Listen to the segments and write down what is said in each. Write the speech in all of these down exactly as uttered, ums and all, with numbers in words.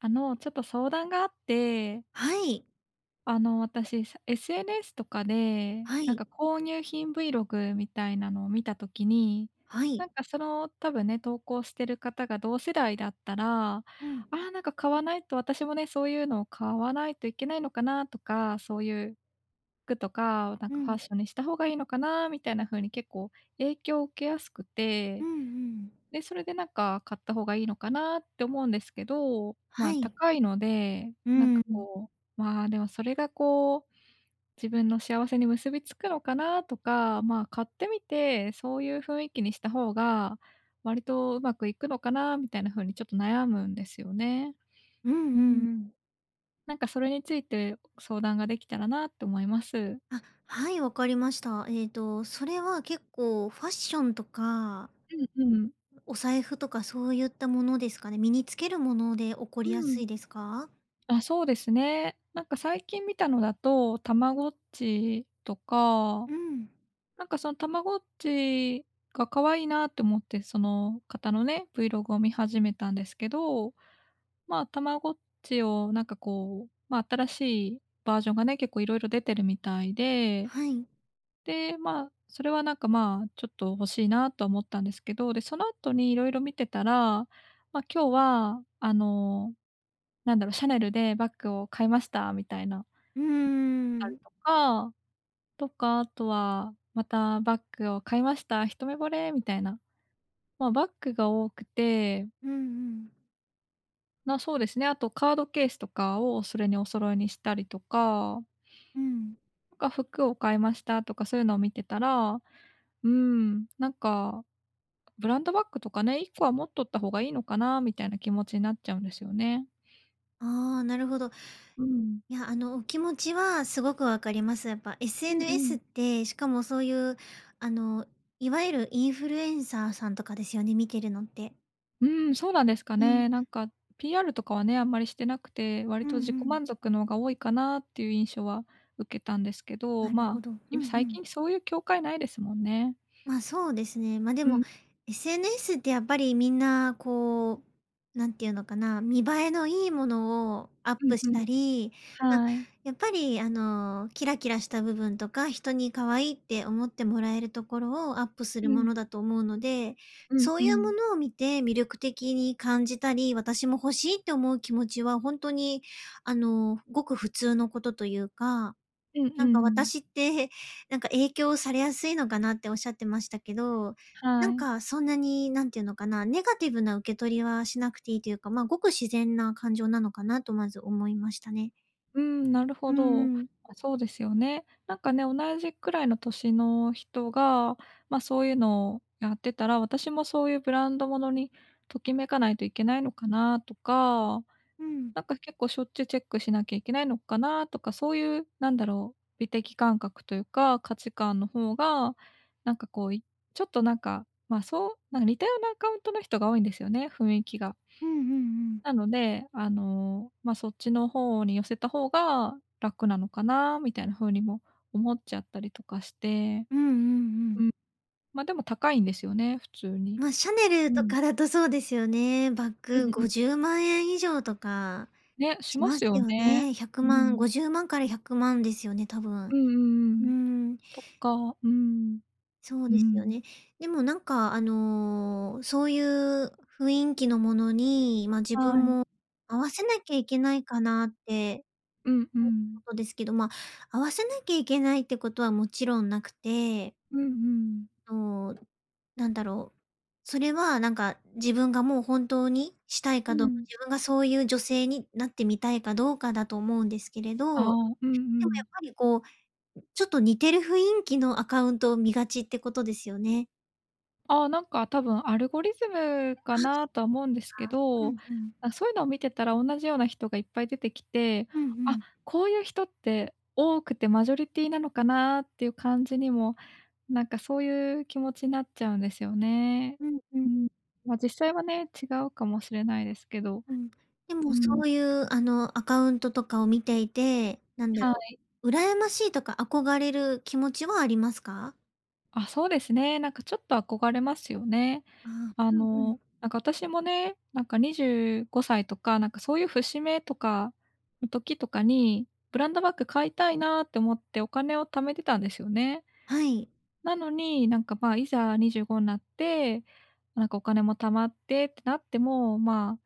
あの、ちょっと相談があって。はい。あの私、さ、SNS とかで、はなんかい。購入品 Vlog みたいなのを見た時に、はい。なんかその、多分ね、投稿してる方が同世代だったら、あうん。あなんか買わないと私もね、そういうのを買わないといけないのかなとか、そういう、服とかをなんうかファッん。ションにした方がいいのかなみたいな風に結構影響を受けやすくうて、んうん。で、それでなんか買った方がいいのかなって思うんですけど、まはあい。高いので、うなんーかん。こう、まあでもそれがこう、自分の幸せに結びつくのかなとか、まあ買ってみて、そういう雰囲気にした方が、割とうまくいくのかなみたいな風にちょっと悩むんですよね。うんううんん。うん。なんかそれについて相談ができたらなって思います。あ、はい、わかりました。ええと、それは結構ファッションとかうんうん。お財布とかそういったものですかね、身に着けるもので起こうりやすん。いですか？あ、そうですね。なんか最近見たのだと、たまごっちとか。うん。なんかそんたまごっちが可愛いなって思って、その方のね、Vlog を見始めたんですけど。まあ、たまごっちをなんかこう、ま、新しいバージョンがね、結構色々出てるみたいで。はい。で、まあ、それはなんかまあ、ちょっと欲しいなとは思ったんですけど、でその後に色々見てたら、まあ、今日はあの、なんだろ、シャネルでバッグを買いましたみたいな。うーたりん。とか、とかあとは「またバッグを買いました、一目惚れ！」みたいな。ま、バックが多くて。うんうん。ま、そうですね、あとカードケースとかをそれにお揃いにしたりとかうん。なんか服を買いましたとかそういうのを見てたら、うん、なんか、ブランドバッグとかね、一個は持っとった方がいいのかな、みたいな気持ちなっちゃうんですよね。ああ、なるほど。うん。いや、あの、お気持ちはすごく分かります。やっぱうんう SNS っん。て、しかもそういう、あの、いわゆるインフルエンサーさんとかですよね、見てるのって。うーん、そうなんですかうん。ね。なんか PR とかはね、あんまりしてなくて、割うんと自う己ん。満足のが多いかなっていう印象は受けたんですけど。なるまほあ、ど、うん今う最ん。近そういう境界無いですもんね。まあ、そうですね。ま、でうもん。SNS ってやっぱりみんなこう、何て言うのかな、見栄えの良いものをアッうプんうしん。たり、ま、はい。やっぱりあの、キラキラした部分とか、人に可愛いって思ってもらえるところをアップすうるものん。だと思うので、うんそうういうもん。のを見て魅力的に感じたり、私も欲しいって思う気持ちはほんとにあの、ふごく普通のことと言うか。うん、うーなんかん。私ってなんか影響されやすいのかなっておっしゃってましたけど、なはんい。かそんなに、何て言うのかな、ネガティブな受け取りはしなくていいというか、ま、ごく自然な感情なのかなと、まず思いましたね。うん、なるうほど。んうん。あ、そうですよね。なんかね、同じくらいの歳の人が、ま、そういうのをやってたら、私もそういうブランドものにときめかないといけないのかなとか、うん。なんか結構しょっちゅうチェックしなきゃいけないのかなとか、そういうなんだろう、美的感覚というか、価値観の方が、なんかこういちょっとなんか、ま、そう、なが似たようなアカウントの人が多いんですよね、雰囲気が。うんうんうん。なので、あの、ま、そっちの方に寄せた方が楽なのかな、みたいな風にも思っちゃったりとかして。うんうんうん。うん。ま、でも高いんですよね、普通に。ま、シャネルうとん。かだとそうですよね。バッうグん、ごう。じゅうまんえん以上とかね、ししまますすよよね。ね。ひゃくうまんん。ごじゅうまんからひゃくまんですよね？多分。うんうんううん。ん。とっか、うん。そううですよん。ね。でもなんかあの、そういう雰囲気のものに、ま、自は分い。も合わせなきゃいけないかなって、うんうん。お事ですけどですけど、ま、合わせなきゃいけないってことはもちろんなくてうんうん。と、何だろう、それはなんか、自分がもう本当にしたいうかどうか、ん。自分がそういう女性になってみたいかどうかだと思うんですけれど、ああ、うんうでもやん。っぱりこう、ちょっと似てる雰囲気のアカウントを見がちってことですよね？ああ、なんか、多分アルゴリズムかなとは思うんですけ [unintelligible] うど、んうん。あ、そういうのを見てたら同じような人がいっぱい出てきて、うんうあ、ん。こういう人って多くてマジョリティなのかなっていう感じにも、なんか、そういう気持ちなっちゃうんですよね。うんううん。ーん。まあ、実際はね、違うかもしれないですけうど。んうん。でうもそん。ういう、あの、アカウントとかを見ていて、なんだはろい。う、羨ましいとか憧れる気持ちはありますか？あ、そうですね。なんか、ちょっと憧れますよね。ああ、あうんうん。の、なんか、私もね、なんか、にじゅうごさいとか、なんか、そういう節目とかの時とかにブランドバッグ買いたいなって思ってお金を貯めてたんですよね。はい。なのに、なんか、まあ、いざにじゅうごになって、なんか、お金も貯まってってなっても、まあ、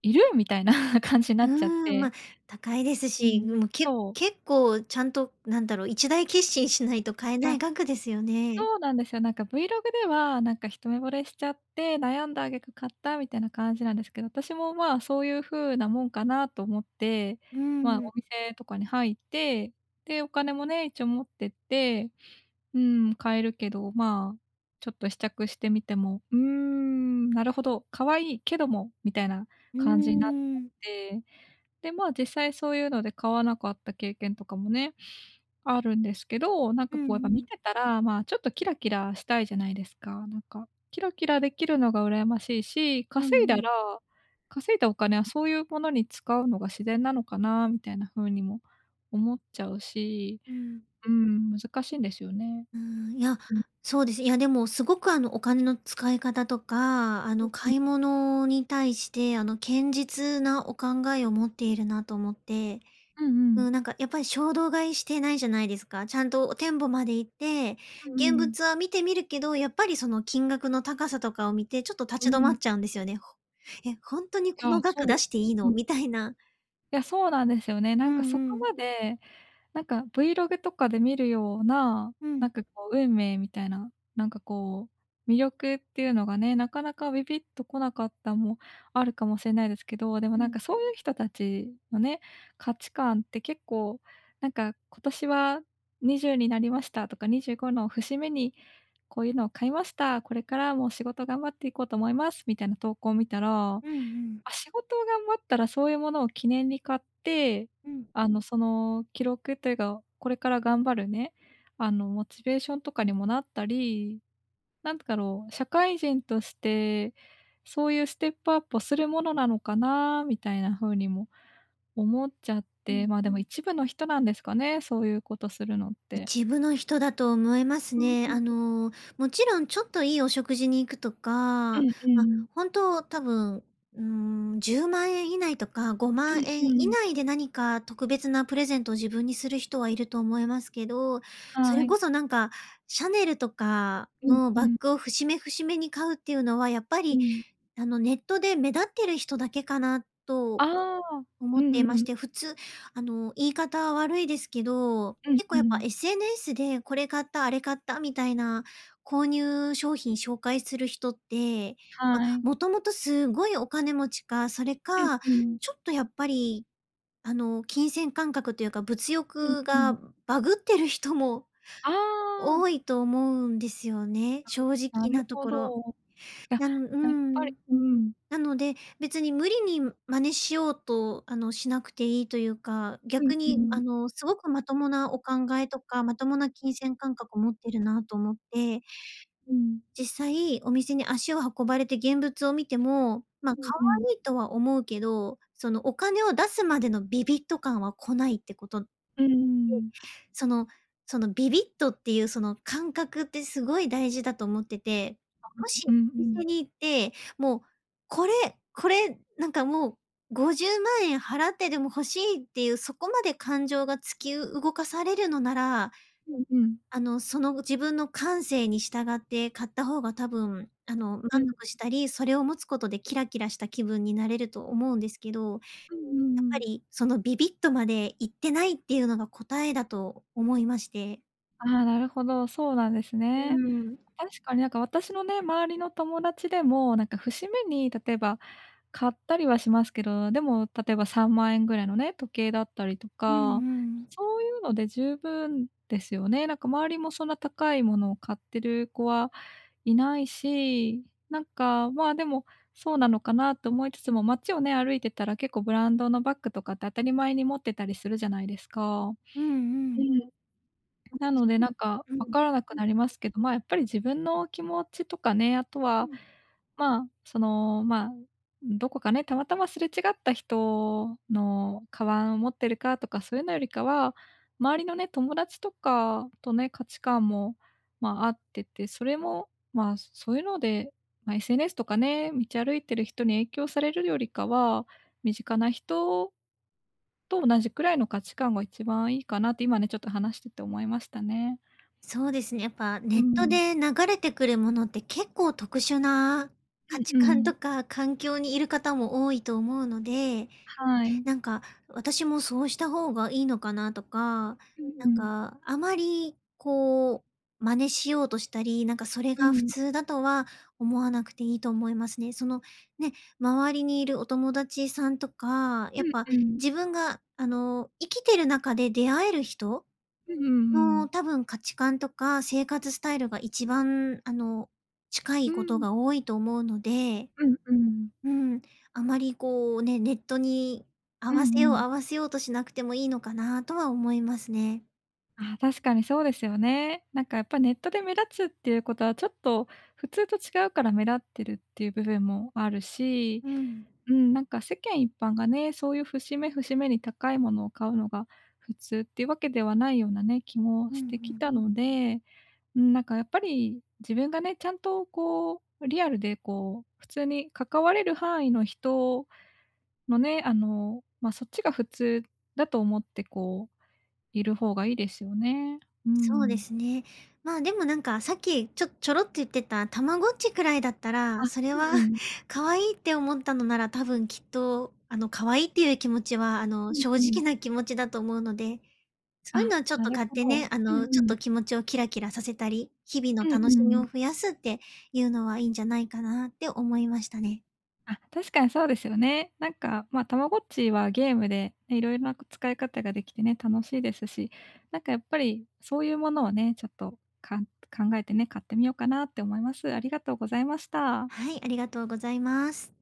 いる？みたいな感じになうっちゃっーん、まあ、て。高いですうし、ん、もうけそう。結構ちゃんと、なんだろう、一大決心しないと買えないあ、額ですよね。そうなんですよ、なんか vlog ではなんか一目惚れしちゃって悩んだ挙句買ったみたいな感じなんですけど、私もまあそういう風なもんかなと思って、うーまあん。お店とかに入って、でお金もね、一応持ってって、うーん、買えるけどまあちょっと試着してみても、「うーん、なるほど、可愛いけども」みたいなうー感じになっちゃっん。て、でまあ実際そういうので買わなかった経験とかもね。あるんですけど、なんうかんこうやっぱ見うん。てたら、まあちょっとキラキラしたいじゃないですか、なんか、キラキラできるのが羨ましいし、う稼いんだうん。ら、稼いだお金はそういうものに使うのが自然なのかなみたいな風にも、思っちゃうし、うん。うん、難しいんですよね。うん、いや、うん。そうです。いや、でもすごく、あの、お金の使い方とか、あの、買い 物に対してあの堅実なお考えを持っているなと思って、うんうん。うん、なんか、やっぱり衝動買いしてないじゃないですか。ちゃんと店舗まで行ってうん現うん。物は見てみるけど、やっぱりその金額の高さとかを見てちょっとう立ち止まっん。ちゃうんですよね。ほえ、本当にこあ、の額そう。出していいの？うん。みたいな。いや、そうなんですよね。うなんか、んそこうん。まで、なんか、vlog とかで見るような、うなんん。かこう、運命みたいな、なんかこう、魅力っていうのがね、なかなかビビッとこなかったもあるかもしれないですけど、でも、うなんか、ん。そういう人たちのね、価値観って結構、なんか、今年はにじゅうになりましたとかにじゅうごの節目にこういうのを買いました、これからもう仕事頑張っていこうと思います、みたいな投稿を見たら、まうんうん。あ、仕事を頑張ったらそういうものを記念に買って、うん。あの、その記録っていうか、これから頑張るね、あの、モチベーションとかにもなったり、なんだろう、社会人として、そういうステップアップをするものなのかなみたいな風にも思っちゃっうて、ん。まあ、でも一部の人なんですかね。そういうことするのって。一部の人だと思いますね。あ の、もちろんちょっといいお食事に行くとか、うま、んうん。本当多分じゅうまんえん以内とかごうまんんえんう以ん。内で何か特別なプレゼントを自分にする人はいると思いますけど、そはれい。こそ、なんか、シャネルとかうんのうバッん。グを節目節目に買うっていうのはやっぱうり、ん。あの、ネットで目立ってる人だけかなとああ。思うってんいうましん。て、普通、あの、言い方悪いですけど、うん結構うやっぱん。SNS でこれ買ったあれ買ったみたいな購入商品紹介する人って、まあ、はい。もともとすごいお金持ちか、それかうんうん。ちょっとやっぱり、あの、金銭感覚というか物うん欲うがん。バグってる人もああ。多いと思うんですよね。正な直るなとほころ。ど。いや、なんうーやっぱり、ん。うん。なので、別に無理に真似しようと、あの、しなくていいというか、うん逆うに、あん。の、すごくまともなお考えとかまともな金銭感覚を持ってるなと思って。うん。実際、お店に足を運ばれて現物を見ても、まあ、うん可うん。愛いとは思うけど、その、お金を出すまでのビビッと感は来ないってこと。で、うーん。そのそのビビッとっていうその感覚ってすごい大事だと思ってて、あ、もしうんうんおう店ん。に行って、もうこれこれ、なんか、もうごじゅうまんえん払ってでも欲しいっていうそこまで感情が突き動かされるのなら、うんうん。あの、その自分の感性に従って買った方が多分、あの、満うん。足したり、それを持つことでキラキラした気分になれると思うんですけど、やっうんうんうぱん。り、そのビビッとまでいってないっていうのが答えだと思いまして。ああ、なるほど、そうなんですうね。ーん。確かになんか、私のね、周りの友達でも、なんか、節目に例えば買ったりはしますけど、でも例えばさんまんえんぐらいのね、時計だったりとうんうか、ん。そういうので十分ですよね。なんか、周りもそんな高いものを買ってる子はいないし、なんか、まあでも、そうなのかなと思いつつも、街をね、歩いてたら結構ブランドのバッグとかって当たり前に持ってたりするじゃないですか。うんううん。ん。なのでなんか、うん。分からなくうん。なりますけど、まあやっぱり、自分の気持ちとかね、あとうは、ん。まあ、そのまあ、どこかね、たまたますれ違った人の鞄を持ってるかとかそういうのよりかは、周りのね、友達とかとね、価値観も、まあ、あってて、それもまあ、そういうので、まあ SNS とかね、道歩いてる人に影響されるよりかは、身近な人と同じくらいの価値観が一番いいかなって今ね、ちょっと話してて思いましたね。そうですね、やっぱうネットん。で流れてくるものって結構、特殊なう価ん値う観とん。か環境にいる方も多いと思うので、はい。なんか、私もそうした方がいいのかなとか、うんうなんん。か、あまりこう真似しようとしたり、なんか、それうが普ん。通だとは思わなくていいと思いますね。その、ね、周りにいるお友達さんとか、うやっんぱうん。自分があの、生きてる中で出会える人う、うんうのん。多分、価値観とか生活スタイルが一番あの、近ういことん。が多いと思うので。うんうん。うん、あまりこうね、ネットに合うんわせよううん。合わせようとしなくてもいいのかなとは思いますね。ああ、確かにそうですよね。なんかやっぱネットで目立つっていうことはちょっと普通と違うから目立ってるっていう部分もあるし、うん。うーん、なんか世間一般がね、そういう節目節目に高いものを買うのが、普通っていうわけではないようなね、気もうんうしてきん。たので、うーん、なんかやっぱり、自分がね、ちゃんとこう、リアルでこう、普通に関われる範囲の人のね、あのまあ、そっちが普通だと思ってこう、いる方がいいですよね。うーそうでん。すね。まあ、でもなんかさっきちょちょろっと言ってたたまごっちくらいだったあ、らそれうはんうん。可愛いって思ったのなら多分きっとあの、可愛いっていう気持ちはあうの、ん正う直ん。な気持ちだと思うのでそういうあ、のはちょっなとる買っほてど。ね、あうんうのちょっん。と気持ちをキラキラさせたり、日々のうんう楽しみをん。増やすっていうのはいいんじゃないかなって思いましたね。あ、確かにそうですよね。なんかまあ、たまごっちはゲームで、いろいろな使い方ができてね、楽しいですし、なんかやっぱりそういうものをね、ちょっとかん考えてね、買ってみようかなって思います。ありがとうございました。はい、ありがとうございます。